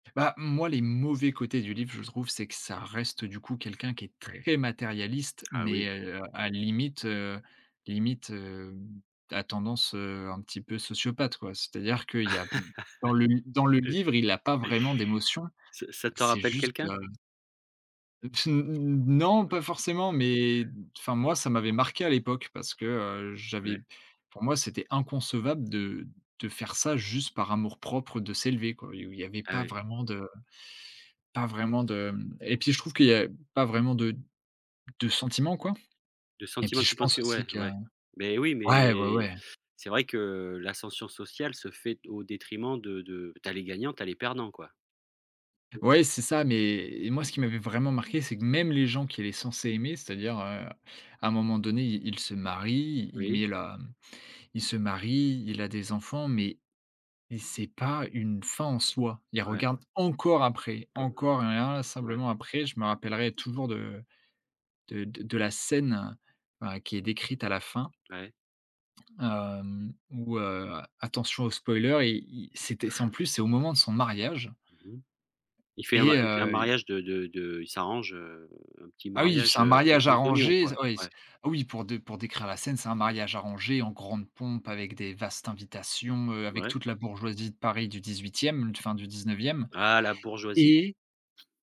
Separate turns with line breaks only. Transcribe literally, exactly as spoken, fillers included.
Bah, moi, les mauvais côtés du livre, je trouve, c'est que ça reste, du coup, quelqu'un qui est très matérialiste
Ah
mais
oui.
heu, à limite, heu, limite, hem, à tendance, heu, un petit peu sociopathe, quoi. C'est-à-dire qu'il y a dans le dans le livre, il a pas vraiment d'émotion.
Ça ça te
C'est
rappelle
juste,
quelqu'un?
heu Non, pas forcément mais enfin, moi, ça m'avait marqué à l'époque parce que, heu, j'avais
Ouais.
pour moi, c'était inconcevable de de faire ça juste par amour propre, de s'élever, quoi et où il y avait
Ah
pas
ouais.
vraiment de pas vraiment de mmh, et puis, je trouve qu'il y a pas vraiment de de sentiments, quoi
Le
et puis,
sentiment, tu
je
penses
pense
que
aussi
ouais,
que
ouais mais oui,
ouais, ouais,
mais
ouais.
c'est vrai que l'ascension sociale se fait au détriment de de tu as les gagnants, tu as les perdants, quoi.
Ouais, c'est ça, mais moi, ce qui m'avait vraiment marqué, c'est que même les gens qu'il est censé aimer, c'est-à-dire, heu, à un moment donné, il il se marie, il il
Oui.
met la il se marie, il a des enfants mais mais c'est pas une fin en soi. Il
Ouais.
regarde encore après,
Pas bien.
encore et
Ouais,
inlassablement,
ouais.
après je me rappellerai toujours de de de la scène, enfin, qui est décrite à la fin,
Ouais.
hem, où, heu, attention au spoiler, i il c'était c'est, en plus, c'est au moment de son mariage
Mmh mh. Il fait un
et
il fait un
heu, i
mariage de de de il s'arrange, heu, un petit
Ah oui,
mariage,
c'est un
heu, aux
mariage
aux oignons,
arrangé, ze
quoi,
oui, c
ouais.
oui, pour de pour décrire la scène, c'est un mariage arrangé en grande pompe avec des vastes invitations, heu, avec
Ouais.
toute la bourgeoisie de Paris du dix-huitième, fin du dix-neuvième
Ah, la bourgeoisie!
et